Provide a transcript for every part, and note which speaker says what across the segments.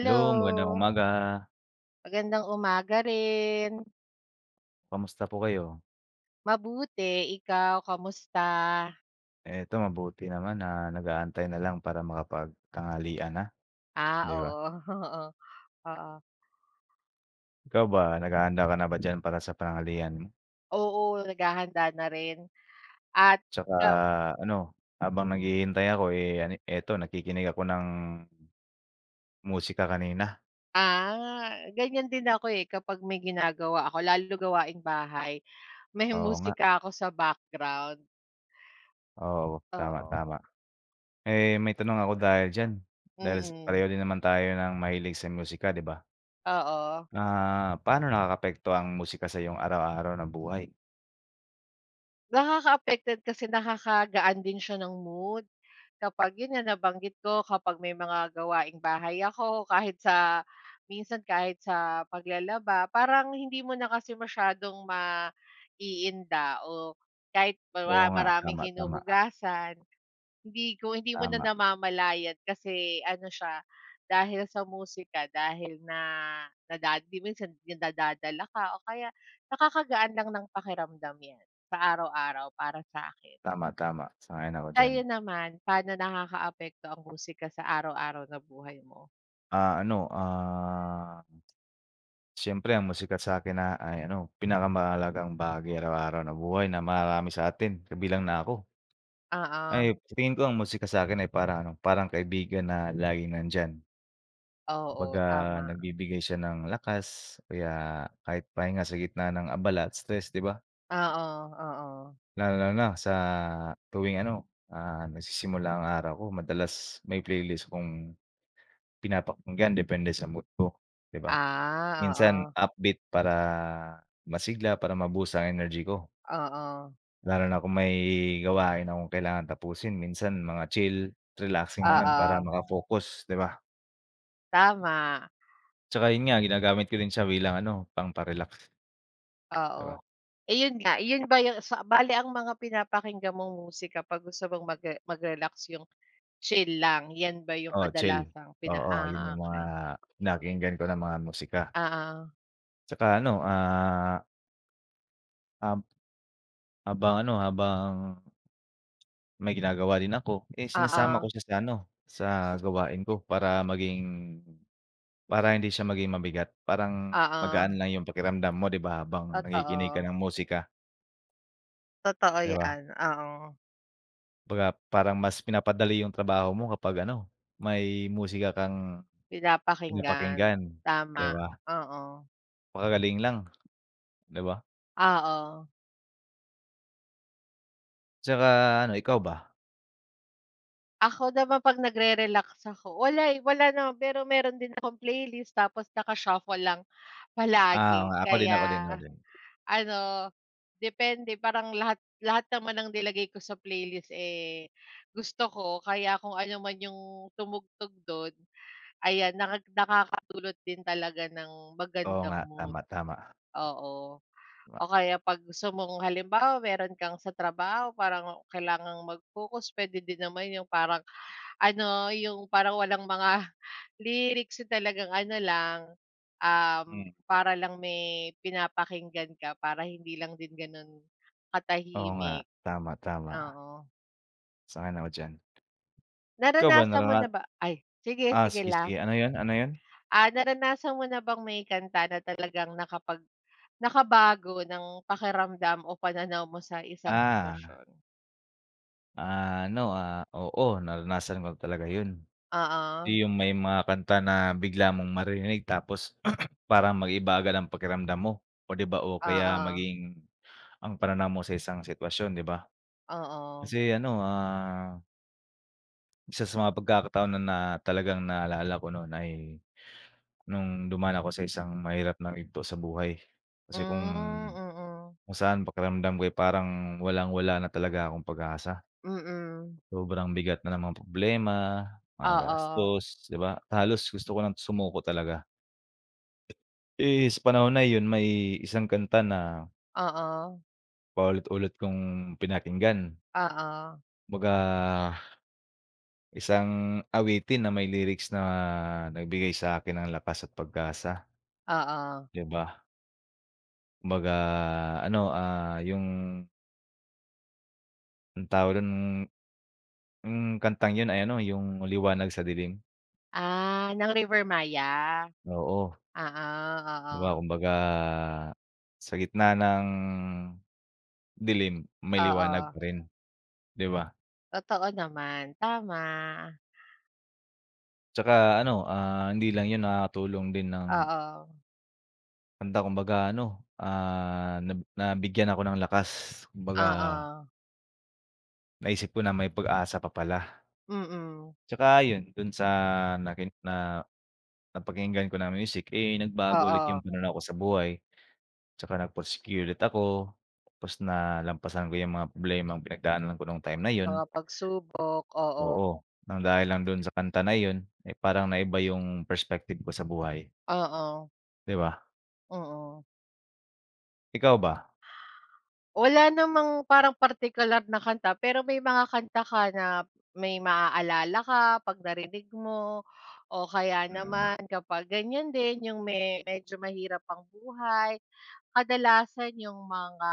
Speaker 1: Hello, magandang umaga.
Speaker 2: Magandang umaga rin.
Speaker 1: Kamusta po kayo?
Speaker 2: Mabuti, ikaw kamusta?
Speaker 1: Eh, ito mabuti naman, ah, nag-aantay na lang para makapag-tanghalian na,
Speaker 2: Ah,
Speaker 1: di ba?
Speaker 2: oo, oo. Oo.
Speaker 1: Ikaw ba, naghahanda ka na ba diyan para sa pananghalihan mo?
Speaker 2: Oo, naghahanda na rin. At,
Speaker 1: Tsaka
Speaker 2: ikaw
Speaker 1: ano, habang
Speaker 2: Mm.
Speaker 1: naghihintay ako, eh, ane eto nakikinig ako ng musika kanina.
Speaker 2: Ah, ganyan din ako, eh, kapag may ginagawa ako lalo gawaing-bahay, may
Speaker 1: Oo, nga.
Speaker 2: musika ako sa background.
Speaker 1: Oo, tama,
Speaker 2: Oo.
Speaker 1: tama. Eh, may tanong ako dahil diyan, dahil sa
Speaker 2: Mm.
Speaker 1: pareho din naman tayo ng mahilig sa musika, di ba?
Speaker 2: Oo.
Speaker 1: Ah, paano nakakaapekto ang musika sa 'yong araw-araw na buhay?
Speaker 2: Nakaka-affect din, kasi nakakagaan din siya ng mood, kapag yun nga nabanggit ko, kapag may mga gawaing-bahay ako, kahit sa minsan, kahit sa paglalaba, parang hindi mo na kasi masyadong maiinda o kahit ba wa
Speaker 1: Oo, nga,
Speaker 2: maraming
Speaker 1: tama, tama.
Speaker 2: hinuhugasan, hindi ko hindi mo na
Speaker 1: Tama.
Speaker 2: namamalayan. Kasi ano siya, dahil sa musika, dahil na nadad di minsan yun nadadala ka o kaya nakakagaan lang ng pakiramdam yan, sa araw-araw para sa'kin.
Speaker 1: Tama, tama. Sang-ayon ako diyan.
Speaker 2: Kayo naman, paano nakakaapekto ang musika sa araw-araw na buhay mo?
Speaker 1: Ah, ano, ah, siyempre ang musika't sa'kin na ay ano, pinakamahalagang bahagi araw-araw na buhay na mararami sa atin, kabilang na ako.
Speaker 2: Oo.
Speaker 1: Ay, sa tingin ko ang musika sa akin ay parang ano, parang kaibigan na laging nandiyan. Kumbaga,
Speaker 2: Oo, tama.
Speaker 1: nagbibigay siya ng lakas o kaya kahit pahinga sa gitna ng abala at stress, di ba?
Speaker 2: Oo, oo.
Speaker 1: Lalong-lalo na sa tuwing ano, ah, nagsisimula ang araw ko. Madalas may playlist akong pinapakinggan depende sa mood ko, di ba?
Speaker 2: Ah,
Speaker 1: Minsan
Speaker 2: oo.
Speaker 1: upbeat para masigla, para ma-boost ang energy ko.
Speaker 2: Oo.
Speaker 1: Lalo na kung may gawain akong kailangan tapusin. Minsan mga chill, relaxing naman para
Speaker 2: Oo.
Speaker 1: maka-focus, di ba?
Speaker 2: Tama.
Speaker 1: Tsaka yun nga ginagamit ko din siya bilang ano, pangpa-relax. Di ba?
Speaker 2: Oo, ayun nga. Yun ba yung sa bale, ang mga pinapakinggan mong musika 'pag gusto mong magre mag-relax, yung chill lang? 'Yan ba yung
Speaker 1: Oo, chill.
Speaker 2: kadalasang pina
Speaker 1: Oo, yun
Speaker 2: ah,
Speaker 1: yung mga
Speaker 2: okey.
Speaker 1: pinakinggan ko na mga musika.
Speaker 2: Oo.
Speaker 1: Tsaka ano, ah Um. Habang ano, habang may ginagawa din ako, eh, sinasama ko
Speaker 2: Oo.
Speaker 1: siya sa ano, sa gawain ko para maging para hindi siya maging mabigat. Parang
Speaker 2: Oo.
Speaker 1: magaan lang yung pakiramdam mo, di ba, habang nakikinig ka
Speaker 2: Totoo.
Speaker 1: ng musika.
Speaker 2: Totoo
Speaker 1: Di ba?
Speaker 2: 'yan, oo.
Speaker 1: Baga, parang mas pinapadali yung trabaho mo kapag ano, may musika kang
Speaker 2: Pinapakinggan.
Speaker 1: pinapakinggan, di
Speaker 2: Tama.
Speaker 1: ba?
Speaker 2: Oo.
Speaker 1: Magagaling lang. Di ba?
Speaker 2: Oo.
Speaker 1: Tsaka ano, ikaw ba?
Speaker 2: Ako naman 'pag nagre-relax ako, wala, eh, wala naman. Pero meron din akong playlist tapos naka-shuffle lang
Speaker 1: Ah, oo
Speaker 2: palagi.
Speaker 1: nga. Ako din ako din
Speaker 2: Kaya,
Speaker 1: ako din.
Speaker 2: ano, depende, parang lahat lahat naman ng nilagay ko sa playlist, eh, gusto ko kaya kung ano man yung tumugtog do'n, ayan, naka nakakadulot din talaga ng
Speaker 1: Oo
Speaker 2: magandang
Speaker 1: nga. Tama,
Speaker 2: mood.
Speaker 1: tama.
Speaker 2: Oo. O
Speaker 1: Tama.
Speaker 2: kaya 'pag gusto mong halimbawa, meron kang sa trabaho parang kailangang mag-focus, puwede din naman yung parang ano, yung parang walang mga lyrics. Talagang ano lang, um,
Speaker 1: Hmm.
Speaker 2: para lang may pinapakinggan ka, para hindi lang din gano'n
Speaker 1: Oo nga.
Speaker 2: katahimik.
Speaker 1: Tama, tama.
Speaker 2: Oo.
Speaker 1: Sang-ayon ako diyan. Ikaw ba
Speaker 2: Naranasan mo
Speaker 1: narana
Speaker 2: na ba ay sige,
Speaker 1: ah,
Speaker 2: sige
Speaker 1: sige,
Speaker 2: lang.
Speaker 1: sige. Ano 'yon? Ano 'yon?
Speaker 2: Ah, naranasan mo na bang may kanta na talagang nakapag nakabago ng pakiramdam o pananaw mo sa isang
Speaker 1: Ah.
Speaker 2: sitwasyon?
Speaker 1: Ah, ano, ah, oo, naranasan ko na talaga yun.
Speaker 2: Oo.
Speaker 1: Yung may mga kanta na bigla mong maririnig tapos parang mag-iiba agad ang pakiramdam mo. Oh, 'di ba, o kaya
Speaker 2: Oo.
Speaker 1: maging ang pananaw mo sa isang sitwasyon, 'di ba?
Speaker 2: Oo.
Speaker 1: Kasi ano, ah isa sa mga pagkakataon na na talagang naalala ko nun ay nung dumaan ako sa isang mahirap na yugto sa buhay.
Speaker 2: Hmm.
Speaker 1: Kasi kung
Speaker 2: Mm.
Speaker 1: kung saan pakiramdam ko ay parang walang-wala na talaga akong pag-asa.
Speaker 2: Mm.
Speaker 1: Sobrang bigat na ng mga problema, mga
Speaker 2: Oo.
Speaker 1: gastos ,'di ba? Halos gusto ko ng sumuko talaga. Eh, sa panahon na yun may isang kanta na
Speaker 2: Oo
Speaker 1: paulit-ulit kong pinakinggan.
Speaker 2: Oo.
Speaker 1: Kumbaga, isang awitin na may lyrics na nagbigay sa'kin ng lakas at pag-asa.
Speaker 2: Oo.
Speaker 1: Di ba? Kumbaga ano, ah, yung Anong tawag dun? Hmm, kantang yun ay ano, yung Liwanag sa Dilim.
Speaker 2: Ah, ng Rivermaya.
Speaker 1: Oo.
Speaker 2: Oo,
Speaker 1: Di ba
Speaker 2: oo.
Speaker 1: kumbaga, sa gitna ng dilim, may liwanag
Speaker 2: Oo.
Speaker 1: pa rin, di ba?
Speaker 2: Totoo naman, tama.
Speaker 1: Tsaka ano, ah, hindi lang yun. Nakakatulong din ng
Speaker 2: Oo.
Speaker 1: Kanta. Kumbaga ano, ah, nab nabigyan ako ng lakas, kumbaga
Speaker 2: Oo.
Speaker 1: Naisip ko na may pag-asa pa pala.
Speaker 2: Mm.
Speaker 1: Tsaka ayun, dun sa narini na napakinggan ko na music, eh, nagbago ulit yung
Speaker 2: Oo.
Speaker 1: pananaw ko sa buhay. Tsaka nagpursigi ulit ako. Tapos nalampasan ko yung mga problemang pinagdaanan ko nung time na yun.
Speaker 2: Mga pagsubok, oo.
Speaker 1: Oo, ng dahil lang dun sa kanta na yun. Eh, parang naiba yung perspective ko sa buhay.
Speaker 2: Oo.
Speaker 1: Di ba?
Speaker 2: Oo.
Speaker 1: Ikaw ba?
Speaker 2: Wala namang parang partikular na kanta, pero may mga kanta ka na may maaalala ka 'pag narinig mo. O kaya
Speaker 1: Mm.
Speaker 2: naman kapag ganyan din, 'yung me medyo mahirap ang buhay, kadalasan 'yung mga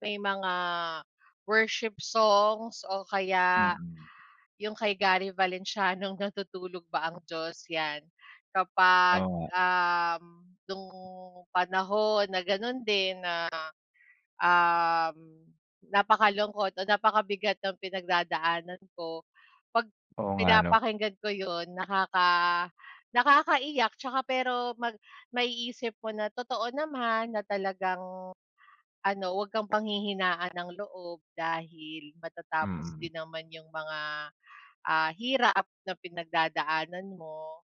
Speaker 2: may mga worship songs o kaya
Speaker 1: Mm.
Speaker 2: 'yung kay Gary Valenciano'ng Natutulog ba ang Diyos? 'Yan. Kapag,
Speaker 1: Oo nga.
Speaker 2: um, nung panahon na ganun din na, um, napakalungkot o napakabigat ng pinagdadaanan ko, 'pag
Speaker 1: Oo nga ano?
Speaker 2: pinapakinggan ko 'yun, nakaka nakakaiyak tsaka, pero mag maiisip mo na totoo naman na talagang ano, wag kang panghihinaan ng loob dahil matatapos
Speaker 1: Mm.
Speaker 2: din naman 'yung mga, ah, hirap na pinagdadaanan mo.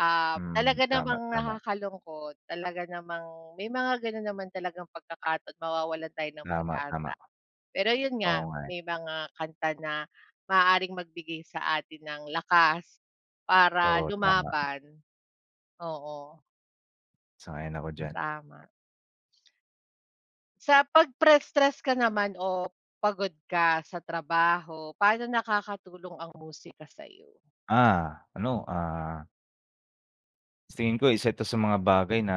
Speaker 2: Ah,
Speaker 1: Mm,
Speaker 2: talaga
Speaker 1: tama,
Speaker 2: namang
Speaker 1: tama.
Speaker 2: nakakalungkot, talaga namang may mga ganun naman talagang pagkakataon, mawawalan tayo ng
Speaker 1: Tama, tama.
Speaker 2: pag-asa. Pero yun
Speaker 1: Oo
Speaker 2: nga,
Speaker 1: nga, eh.
Speaker 2: may mga kanta na maaaring magbigay sa atin ng lakas para
Speaker 1: Oo, tama.
Speaker 2: lumaban. Oo.
Speaker 1: Sang-ayon ako diyan.
Speaker 2: Tama. Sa pagpress stress ka naman o pagod ka sa trabaho, pa'no nakakatulong ang musika sa'yo?
Speaker 1: Ah, ano, ah sa tingin ko isa 'to sa mga bagay na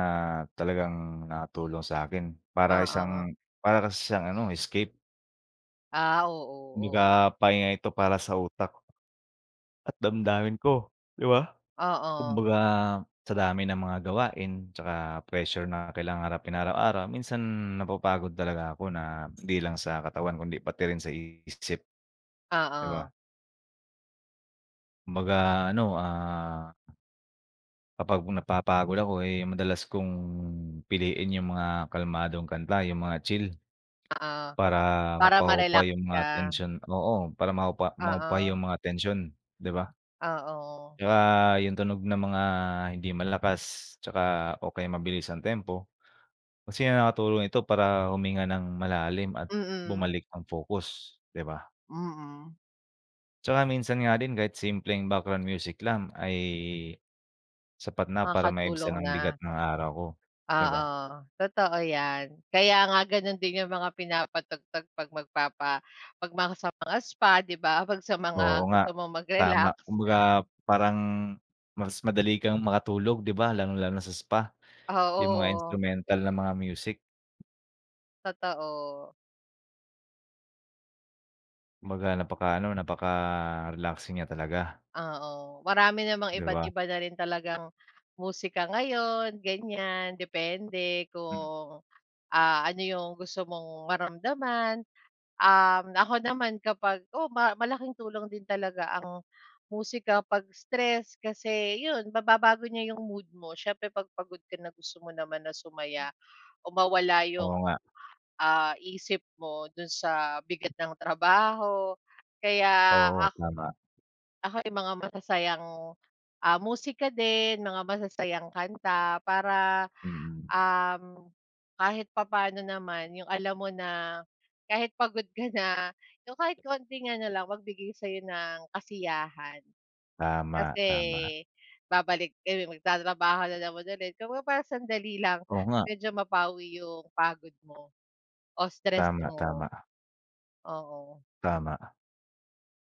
Speaker 1: talagang nakatulong sa'kin para
Speaker 2: Oo.
Speaker 1: isang para kasi siyang ano, escape.
Speaker 2: Ah, oo, oo.
Speaker 1: Kumbaga, pahinga ito para sa utak at damdamin ko, di ba?
Speaker 2: Oo.
Speaker 1: Kumbaga, sa dami ng mga gawain tsaka pressure na kailangan harapin araw-araw, minsan napapagod talaga ako na hindi lang sa katawan kundi pati rin sa isip, di
Speaker 2: Oo.
Speaker 1: ba? Kumbaga ano, ah kapag napapagod ako, eh, 'yong madalas kong piliin yung mga kalmadong kanta, yung mga chill
Speaker 2: Oo,
Speaker 1: para
Speaker 2: para
Speaker 1: mapahupa
Speaker 2: ma-relax
Speaker 1: yung mga
Speaker 2: ka.
Speaker 1: tensyon, oo. Para mahupa mahupa
Speaker 2: Oo.
Speaker 1: yung mga tensyon, di ba?
Speaker 2: Oo.
Speaker 1: Di ba yung tunog ng mga hindi malakas tsaka o kaya mabilis ang tempo kasi nga nakakatulong ito para huminga nang malalim at
Speaker 2: Mm.
Speaker 1: bumalik ang focus, di ba?
Speaker 2: Mm.
Speaker 1: Tsaka minsan nga din kahit simpleng background music lang ay sapat na para maibsan
Speaker 2: Makakatulong
Speaker 1: ang
Speaker 2: na
Speaker 1: bigat ng araw ko, di
Speaker 2: Oo,
Speaker 1: ba?
Speaker 2: totoo 'yan. Kaya nga ganun din yung mga pinapatugtog 'pag magpapa 'pag mga sa mga spa, di ba? 'Pag sa mga
Speaker 1: Oo nga,
Speaker 2: gusto mong
Speaker 1: tama.
Speaker 2: mag-relax.
Speaker 1: Kumbaga, parang mas madali kang makatulog, di ba, lalong-lalo na sa spa. Yung mga
Speaker 2: Oo.
Speaker 1: instrumental na mga music.
Speaker 2: Totoo.
Speaker 1: Kumbaga, napaka ano, napaka-relaxing niya talaga.
Speaker 2: Oo. Marami namang
Speaker 1: Di
Speaker 2: iba't
Speaker 1: ba?
Speaker 2: iba na rin talagang musika ngayon, ganyan. Depende
Speaker 1: Hmm.
Speaker 2: kung, ah, ano yung gusto mong maramdaman, um, ako naman kapag oo, malaking tulong din talaga ang musika 'pag stress kasi yun, mababago niya yung mood mo. Siyempre, 'pag pagod ka na gusto mo naman na sumaya o mawala yung,
Speaker 1: Oo nga.
Speaker 2: ah, isip mo dun sa bigat ng trabaho. Kaya
Speaker 1: Oo,
Speaker 2: ako
Speaker 1: tama.
Speaker 2: ako yung mga masasayang, ah, musika din, mga masasayang kanta para,
Speaker 1: Mm.
Speaker 2: um, kahit papaano naman yung alam mo na kahit pagod ka na, yung kahit konting ano lang, magbigay sa'yo ng kasiyahan.
Speaker 1: Tama,
Speaker 2: Kasi
Speaker 1: tama.
Speaker 2: babalik kayo magtatrabaho na naman ulit, kumbaga, parang sandali lang
Speaker 1: Oo nga.
Speaker 2: medyo mapawi yung pagod mo o stress
Speaker 1: Tama,
Speaker 2: mo.
Speaker 1: tama.
Speaker 2: Oo.
Speaker 1: Tama.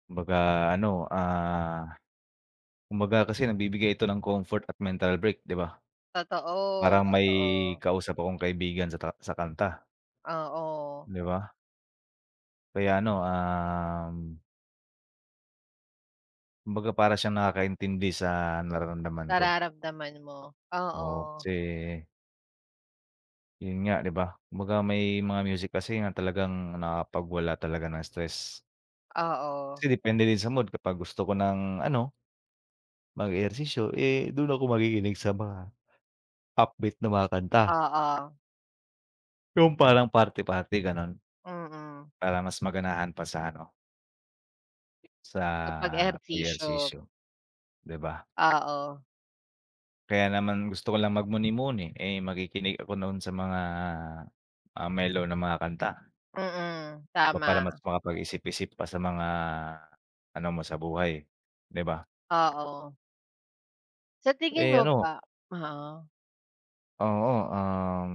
Speaker 1: Kumbaga ano, ah kumbaga kasi nagbibigay ito ng comfort at mental break 'di ba?
Speaker 2: Totoo,
Speaker 1: Parang may
Speaker 2: totoo.
Speaker 1: kausap akong kaibigan sa ta sa kanta.
Speaker 2: Oo.
Speaker 1: 'Di ba? Kaya ano, um kumbaga para siyang nakakaintindi sa nararamdaman ko.
Speaker 2: Nararamdaman mo.
Speaker 1: Oo
Speaker 2: Oo.
Speaker 1: kasi yun nga 'di ba, kumbaga may mga music kasi nga talagang nakakapagwala talaga ng stress.
Speaker 2: Oo.
Speaker 1: Kasi depende din sa mood kapag gusto ko ng ano mag-ehersisyo, eh, do'n ako makikinig sa mga upbeat na mga kanta.
Speaker 2: Oo.
Speaker 1: Yung parang party party gano'n.
Speaker 2: Mm.
Speaker 1: Para mas maganahan pa sa ano sa
Speaker 2: Sa pag-ehersisyo.
Speaker 1: ehersisyo, 'di ba?
Speaker 2: Oo.
Speaker 1: Kaya naman gusto ko lang mag muni-muni, eh, makikinig ako noon sa mga, ah, melow na mga kanta.
Speaker 2: Mm,
Speaker 1: Ba para mas
Speaker 2: tama.
Speaker 1: makapag-isip-isip pa sa mga ano mo sa buhay 'di ba?
Speaker 2: Oo. Sa tingin
Speaker 1: Eh,
Speaker 2: mo
Speaker 1: ano
Speaker 2: ba Oo.
Speaker 1: Oo, um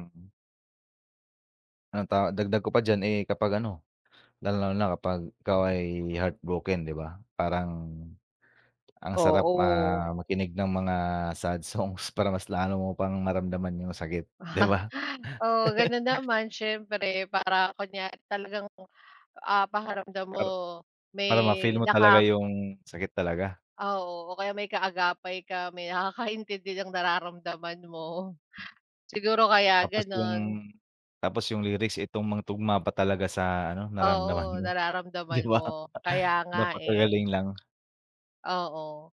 Speaker 1: Anong ta dagdag ko pa diyan, eh, kapag ano, lalong lalo na kapag ikaw ay heartbroken, di ba? Parang ang sarap ma
Speaker 2: Oo.
Speaker 1: makinig ng mga sad songs para mas lalo mo pang maramdaman yung sakit, di ba?
Speaker 2: Oo, ganun naman siyempre para kunya talagang, ah, pakiramdam mo
Speaker 1: Para
Speaker 2: may
Speaker 1: para ma-feel mo talaga
Speaker 2: naka
Speaker 1: yung sakit talaga.
Speaker 2: Oo. O kaya may kaagapay ka, may nakakaintindi ng nararamdaman mo. Siguro kaya
Speaker 1: Tapos yung
Speaker 2: ganun.
Speaker 1: tapos yung lyrics, eh, tugmang-tugma pa talaga sa ano, naramdaman
Speaker 2: Oo,
Speaker 1: mo, di
Speaker 2: nararamdaman
Speaker 1: ba?
Speaker 2: mo. Kaya nga, eh.
Speaker 1: Napakagaling lang.
Speaker 2: Oo.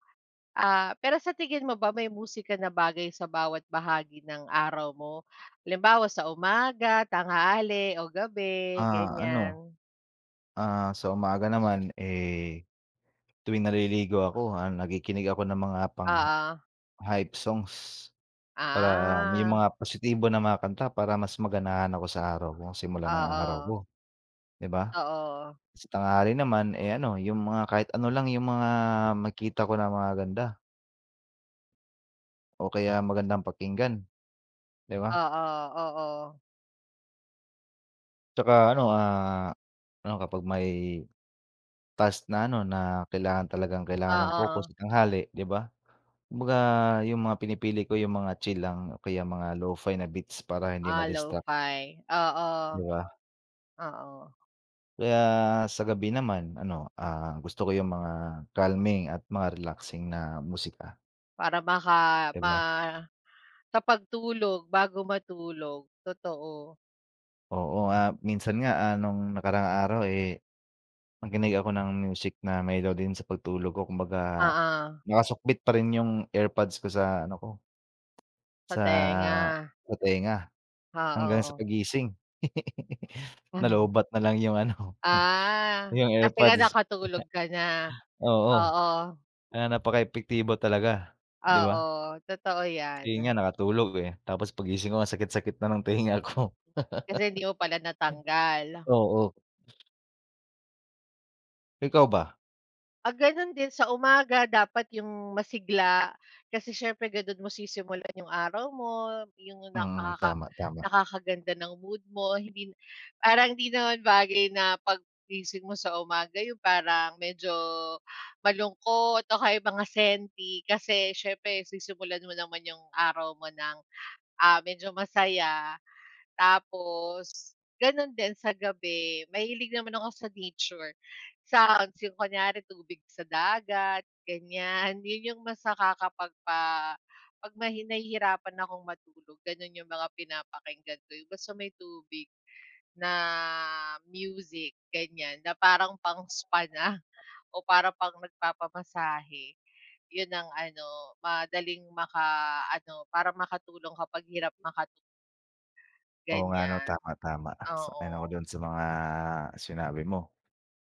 Speaker 2: Ah, pero sa tingin mo ba may musika na bagay sa bawat bahagi ng araw mo? Halimbawa, sa umaga, tanghali o gabi,
Speaker 1: Ah, ano,
Speaker 2: ganyan?
Speaker 1: ah, sa umaga naman, eh, tuwing naliligo ako, ah, nakikinig ako ng mga pangha
Speaker 2: Oo.
Speaker 1: hype songs. Para yung
Speaker 2: Ah.
Speaker 1: mga positibo na mga kanta para mas maganahan ako sa araw ko, simula ng araw
Speaker 2: Oo.
Speaker 1: ko, di ba?
Speaker 2: Oo.
Speaker 1: Sa tanghali naman, eh, ano yung mga kahit ano lang yung mga makita ko na magaganda. O kaya magandang pakinggan. Di ba?
Speaker 2: Oo, oo.
Speaker 1: Tsaka ano, ah, ano, kapag may task na ano, na kailangan talagang kailangan ng focus
Speaker 2: Oo.
Speaker 1: sa tanghali, 'di ba? Kumbaga, yung mga pinipili ko yung mga chill lang o kaya mga Lo-fi na beats para hindi
Speaker 2: Ah,
Speaker 1: ma-distract.
Speaker 2: Lo-fi, oo.
Speaker 1: 'Di ba?
Speaker 2: Oo.
Speaker 1: Kaya sa gabi naman ano, ah, gusto ko yung mga calming at mga relaxing na musika.
Speaker 2: Para maka
Speaker 1: 'Di
Speaker 2: ma
Speaker 1: ba?
Speaker 2: sa pagtulog, bago matulog, totoo.
Speaker 1: Oo, ah, minsan nga, ah, nung nakaraang araw, eh, nakinig ako ng music na melody sa pagtulog ko. Kumbaga,
Speaker 2: Oo.
Speaker 1: nakasukbit pa rin yung AirPods ko sa ano ko
Speaker 2: Sa
Speaker 1: sa
Speaker 2: tenga.
Speaker 1: sa tenga hanggang sa
Speaker 2: Oo.
Speaker 1: paggising.
Speaker 2: Mhm.
Speaker 1: Nalowbatt na lang yung ano,
Speaker 2: Ah.
Speaker 1: yung
Speaker 2: Kasi nga
Speaker 1: AirPods.
Speaker 2: nakatulog ka na.
Speaker 1: Oo.
Speaker 2: Oo.
Speaker 1: Kaya napaka-epektibo talaga, 'di ba?
Speaker 2: Oo, totoo
Speaker 1: Ayun
Speaker 2: 'yan.
Speaker 1: nga nakatulog, eh, tapos paggising ko ang sakit sakit na ng tenga ko.
Speaker 2: Kasi hindi mo pala natanggal.
Speaker 1: Oo. Ikaw ba?
Speaker 2: Ah, gano'n din sa umaga dapat yung masigla kasi siyempre ganon mo sisimulan yung araw mo, yung
Speaker 1: Mm.
Speaker 2: nakaka
Speaker 1: Tama, tama.
Speaker 2: nakakaganda ng mood mo, hindi parang hindi naman bagay na 'pag gising mo sa umaga, yung parang medyo malungkot o kaya mga senti kasi siyempre sisimulan mo naman yung araw mo ng, ah, medyo masaya. Tapos gano'n din sa gabi, mahilig naman ako sa nature. Sa agos yung kunyari tubig sa dagat, ganyan. 'Yon yung mas nakakapagpa 'pag mahi nahihirapan akong matulog gano'n yung mga pinapakinggan ko, yung basta may tubig na music, ganyan, na parang pang spa na o parang pang nagpapamasahe. Yon ang ano, madaling makaano, para makatulong kapag hirap makatu
Speaker 1: Oo nga 'no?
Speaker 2: Ganyan,
Speaker 1: Tama, tama. Sang-ayon ako
Speaker 2: oo.
Speaker 1: do'n sa mga sinabi mo.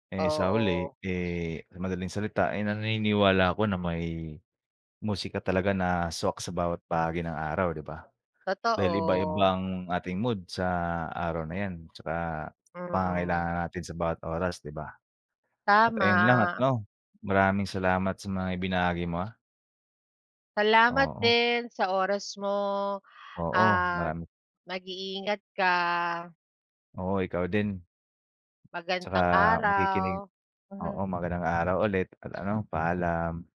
Speaker 1: Eh, sa huli,
Speaker 2: Oo.
Speaker 1: eh, sa madaling salita ay naniniwala ako na may musika talaga na swak sa bawat bahagi ng araw, 'di ba? Dahil iba-iba
Speaker 2: Totoo.
Speaker 1: ang ating mood sa araw na 'yan 'tsaka
Speaker 2: Mm.
Speaker 1: pangangailangan natin sa bawat oras, 'di ba? At ayon lang at
Speaker 2: Tama.
Speaker 1: 'no, maraming salamat sa mga ibinahagi mo, ah.
Speaker 2: Salamat
Speaker 1: Oo.
Speaker 2: din sa oras mo
Speaker 1: Oo,
Speaker 2: at
Speaker 1: marami
Speaker 2: mag-iingat ka.
Speaker 1: Oo, ikaw din. 'Tsaka
Speaker 2: Magandang
Speaker 1: makikinig,
Speaker 2: araw.
Speaker 1: oo. Magandang araw ulit at ano, paalam.